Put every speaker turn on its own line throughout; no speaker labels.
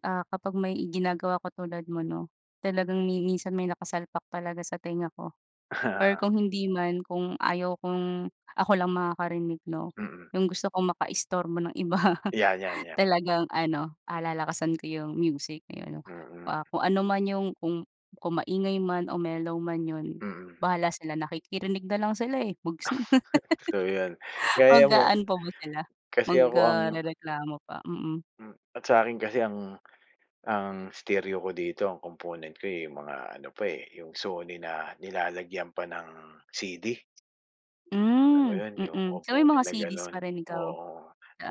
Ah, kapag may ginagawa ako tulad mo 'no, talagang mi minsan may nakasalpak talaga sa tenga ko, or kung hindi man kung ayaw kong ako lang makakarinig 'no,
Mm.
'yung gusto kong makaistorbo ng iba
Yeah, yeah, yeah.
talagang ano, ah, lalakasan ko 'yung music ayun.
Mm.
Ah, kung ano man 'yung kung kung maingay man o mellow man 'yun,
Mm.
bahala sila nakikirinig na lang sila, eh, [unintelligible]
So 'yun, gaya mo
Mag-aano pa ba sila,
kasi
mag,
ako ang
ah, rereklamo pa, mm.
Hmm, at sa akin kasi ang ang stereo ko dito ang komponent ko, eh, mga ano pa, eh, 'yung Sony na nilalagyan pa ng CD. Alam mo
Hmm,
'yun 'yung
mm. So may
komponent
mga
na
CD's
gano'n,
pa rin ikaw,
oo.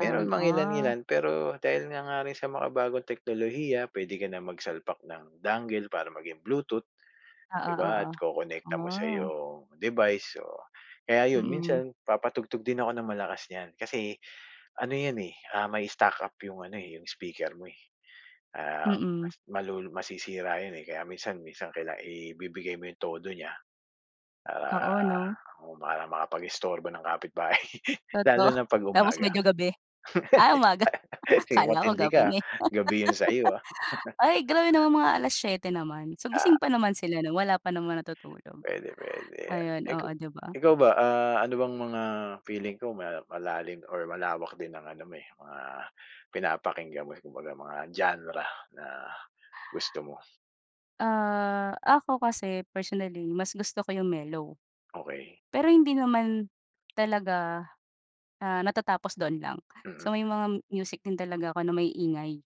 Meron
Ah.
mangilan-ngilan pero, dahil nga nga rin sa makabagong teknolohiya, puwede ka na magsalpak ng dongle para maging bluetooth,
Oo,
'di ba at
oo,
kokonekta mo sa
ah.
iyong device, o kaya 'yun
Mm.
minsan papatugtog din ako ng malakas niyan kasi ano 'yan, eh, ah, may stuck up 'yung ano, eh, 'yung speaker mo, eh. Ah,
Mm.
mas malu masisira 'yun, eh, kaya minsan minsan kailangan ibibigay mo 'yung todo niya, para
Oo 'no.
akong bahalang makapag-istorbo ng kapitbahay, lalo
Totoo,
na 'pag
tapos
umaga.
medyo gabi. Ay umaga, akala ko
Matindi
gabi
ka, ah,
na, eh.
gabi 'yung sa'yo ah.
Ay grabe naman, mga 7:00 naman, so gising
Ah.
pa naman sila nun, wala pa naman natutulog.
Puwede, puwede,
Ayon,
eh,
oo
ku
'di ba.
Ikaw ba, ah, ano bang mga feeling ko may malalim or malawak din ng ano mo, eh, mga pinapakinggan mo, kumbaga mga genre na gusto mo.
Ah, ako kasi personally mas gusto ko 'yung mellow,
Okey.
pero hindi naman talaga, ah, natatapos dun lang. So
Mm.
may mga music din talaga ako na maiingay.